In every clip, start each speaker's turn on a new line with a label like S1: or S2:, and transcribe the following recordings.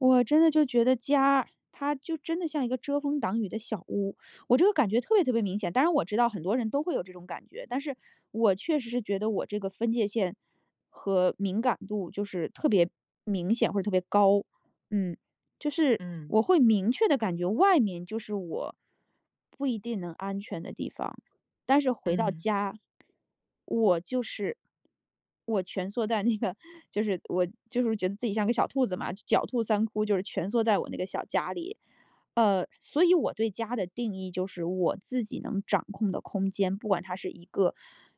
S1: 我真的就觉得家，它就真的像一个遮风挡雨的小屋。我这个感觉特别特别明显，当然我知道很多人都会有这种感觉。但是我确实是觉得我这个分界线，和敏感度就是特别明显，或者特别高。嗯，就是
S2: 嗯。
S1: 我会明确地感觉外面就是我不一定能安全的地方，但是回到
S2: 嗯。
S1: 家，我就是我蜷缩在那个就是我就是觉得自己像个小兔子嘛，狡兔3窟，就是蜷缩在我那个小家里。呃，所以我对家的定义，就是我自己能掌控的空间，不管它是一个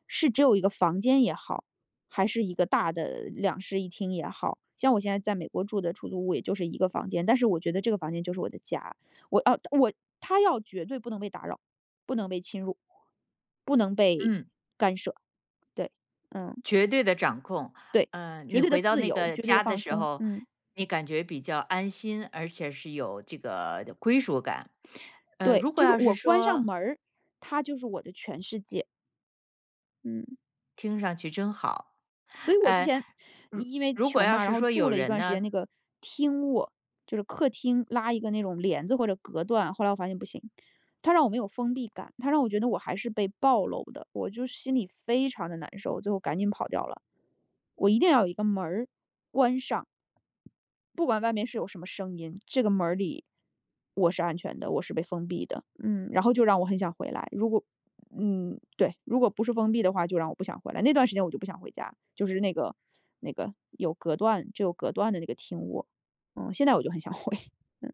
S1: 是只有1个房间也好，还是一个大的2室1厅也好。像我现在在美国住的出租屋，也就是1个房间，但是我觉得这个房间就是我的家。我哦我它要绝对不能被打扰，不能被侵入，不能被
S2: 嗯。
S1: 干涉。对。嗯。
S2: 绝对的掌控，
S1: 对，
S2: 嗯，
S1: 绝
S2: 你
S1: 对的
S2: 回到
S1: 自
S2: 那
S1: 由，
S2: 个
S1: 绝对的
S2: 家的
S1: 放
S2: 时
S1: 松，
S2: 候，
S1: 嗯。
S2: 你感觉比较安心，而且是有这个归属感，呃，
S1: 对，
S2: 如果
S1: 就是
S2: 要
S1: 我
S2: 是
S1: 关上
S2: 说
S1: 门儿，它就是我的全世界。嗯。
S2: 听上去真好，
S1: 所以我之
S2: 呃，
S1: 前
S2: 如
S1: 因为
S2: 如果
S1: 穷
S2: 要
S1: 嘛，然
S2: 是
S1: 后
S2: 说
S1: 住
S2: 有
S1: 了一
S2: 人
S1: 段时
S2: 呢？
S1: 间那个厅卧，就是客厅，拉一个那种帘子，或者隔断，后来我发现不行，它让我没有封闭感，它让我觉得我还是被暴露的，我就是心里非常得难受，最后赶紧跑掉了。我一定要有一个门儿关上。不管外面是有什么声音，这个门儿里我是安全的，我是被封闭的。嗯，然后就让我很想回来，如果嗯，对，如果不是封闭的话，就让我不想回来，那段时间我就不想回家，就是那个那个有隔断就隔断的那个厅卧，嗯，现在我就很想回。嗯。